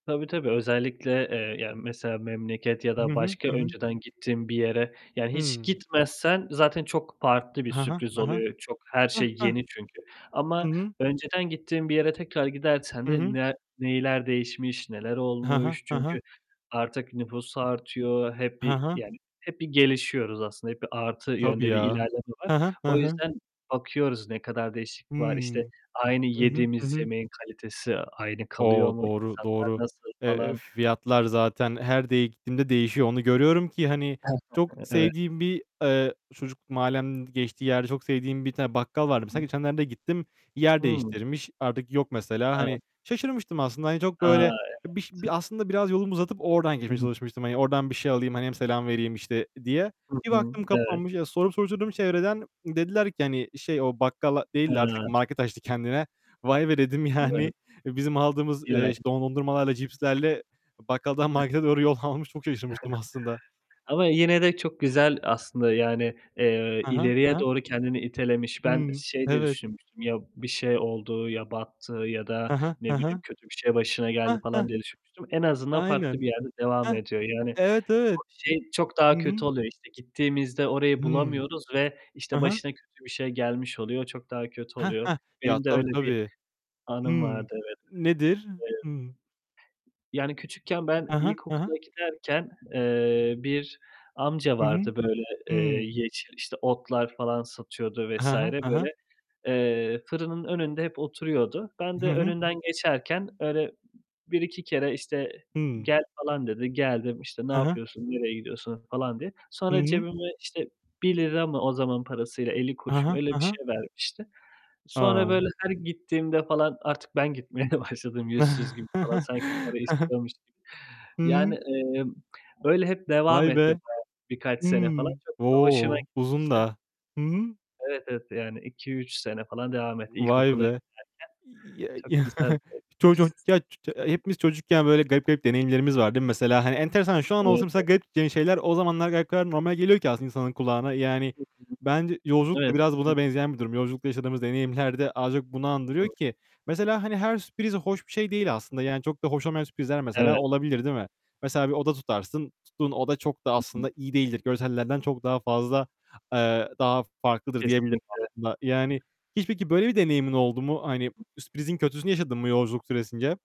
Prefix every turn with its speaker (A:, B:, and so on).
A: Tabii, tabii özellikle, eee, yani mesela memleket ya
B: Hı
A: da
B: hı.
A: başka
B: Hı hı.
A: önceden gittiğin bir yere yani hiç
B: Hı.
A: gitmezsen zaten çok farklı bir
B: Ha ha,
A: sürpriz
B: ha ha.
A: oluyor. Çok, her
B: Hı,
A: şey
B: hı.
A: yeni çünkü
B: Hı
A: ama
B: hı.
A: önceden gittiğin bir yere tekrar gidersen
B: Hı
A: de
B: hı.
A: ne neler değişmiş, neler
B: Hı hı.
A: olmuş
B: Hı
A: çünkü
B: hı.
A: artık nüfus artıyor, hep
B: Hı
A: bir,
B: hı.
A: yani hep bir gelişiyoruz aslında, hep bir artı
B: Tabii
A: yönde bir
B: ya.
A: ilerleme var.
B: Hı hı. Hı
A: O
B: hı.
A: yüzden bakıyoruz ne kadar
B: Hı.
A: değişiklik var, işte aynı
B: Hı hı. Hı
A: yediğimiz
B: hı.
A: yemeğin kalitesi aynı kalıyor
B: O,
A: mu,
B: doğru,
A: insanlar
B: doğru.
A: nasıl
B: Eee,
A: falan...
B: fiyatlar zaten her de gittiğimde değişiyor. Onu görüyorum ki hani çok
A: Evet.
B: sevdiğim bir, eee, çocukluk mahallemin geçtiği yerde çok sevdiğim bir tane bakkal vardı.
A: Hı
B: Mesela
A: hı.
B: geçenlerde gittim. Yer
A: Hı.
B: değiştirmiş. Artık yok mesela.
A: Evet.
B: Hani şaşırmıştım aslında, hani çok
A: A,
B: böyle biş
A: evet.
B: bir aslında biraz yolumu uzatıp oradan
A: Hı
B: girmeye
A: hı.
B: çalışmıştım. Hani oradan bir şey alayım, hani hem selam vereyim işte diye.
A: Hı
B: Bir
A: hı.
B: baktım
A: Evet.
B: kapanmış, sorup soruşturdum çevreden. Dediler ki hani şey, "O bakkal değil de artık
A: He.
B: market açtı kendine." "Vay be!" dedim,
A: Evet.
B: yani bizim aldığımız, eee, işte
A: [unintelligible]
B: dondurmalarla, cipslerle bakkaldan
A: [unintelligible]
B: markete doğru yollamamış. Çok şaşırmıştım aslında.
A: Ama yine de çok güzel aslında yani, eee,
B: Hı hı. Hı
A: ileriye
B: hı.
A: doğru kendini itelemiş. Ben
B: Hımm,
A: şey diye
B: evet.
A: düşünmüştüm, ya bir şey oldu, ya battı ya
B: Hı
A: da
B: hı.
A: ne
B: Hı
A: bileyim
B: hı.
A: kötü bir şey başına geldi
B: Heh, heh.
A: falan diye düşünmüştüm. En azından farklı
B: Aynen.
A: bir yerde devam
B: Heh.
A: ediyor. Yani
B: Evet,
A: o
B: evet.
A: şey çok
B: Hı
A: daha kötü
B: hı.
A: oluyor işte. Gittiğimizde orayı
B: Hı.
A: bulamıyoruz ve
B: Hı
A: işte
B: hı.
A: başına kötü bir şey gelmiş oluyor, çok daha kötü
B: Heh
A: oluyor.
B: heh. Ya
A: Benim de
B: tabii
A: öyle bir
B: tabii. Hı.
A: anım vardı, evet.
B: Nedir? Hı.
A: Eee Yani küçükken ben
B: Hı hı. Hı hı.
A: ilkokula giderken, eee, bir amca
B: Hı hı.
A: vardı böyle, eee,
B: Hı.
A: yeşil işte otlar falan satıyordu
B: Hı
A: vs.
B: hı. Hı hı.
A: böyle. Eee, fırının önünde hep oturuyordu. Ben de
B: Hı hı.
A: önünden geçerken öyle 1-2 kere işte
B: Hıı.
A: "Gel." falan dedi. Geldim işte "Ne
B: He he.
A: yapıyorsun? Nereye gidiyorsun?" falan diye.
B: Hı
A: Sonra
B: hı.
A: cebime işte 1 lira mı o zamanın parasıyla, elli
B: Hı
A: kuruş mu,
B: hı.
A: öyle bir
B: Hı hı.
A: şey vermişti. Sonra
B: A!
A: böyle her gittiğimde falan artık ben gitmeye başladım yüzsüz gibi falan. Sanki para istiyormuş gibi.
B: Hı
A: Yani,
B: hı.
A: eee, öyle hep devam
B: Vay
A: etti
B: be!
A: bayağı birkaç
B: Hı.
A: sene falan. Çok da hoşuma
B: O, uzun
A: gitmişti.
B: da. Hı hı.
A: Evet, evet yani 2-3 sene falan devam etti
B: Vay
A: ilkokula
B: be.
A: giderken. Çok
B: İy
A: güzel.
B: Ço ço ya
A: [unintelligible]
B: hepimiz çocukken böyle garip garip deneyimlerimiz var değil mi mesela? Hani enteresan, şu an
A: Evet,
B: olsa mesela
A: evet.
B: garip şeyler o zamanlar normal geliyor ki aslında insanın kulağına. Yani
A: Hı hı.
B: bence yolculuk da
A: Evet.
B: biraz buna
A: Kesinlikle.
B: benzeyen bir durum. Yolculukta yaşadığımız deneyimler de az çok bunu andırıyor
A: Doğru.
B: ki. Mesela hani her sürpriz hoş bir şey değil aslında. Yani çok da hoş olmayan sürprizler mesela
A: Evet.
B: olabilir değil mi? Mesela bir oda tutarsın. Tuttuğun oda çok da
A: Hı hı.
B: aslında iyi değildir. Görsellerden çok daha fazla, eee, daha farklıdır diyebilirim
A: Kesinlikle
B: aslında. Yani hiç peki böyle bir deneyimin oldu mu? Hani sürprizin kötüsünü yaşadın mı yolculuk süresince?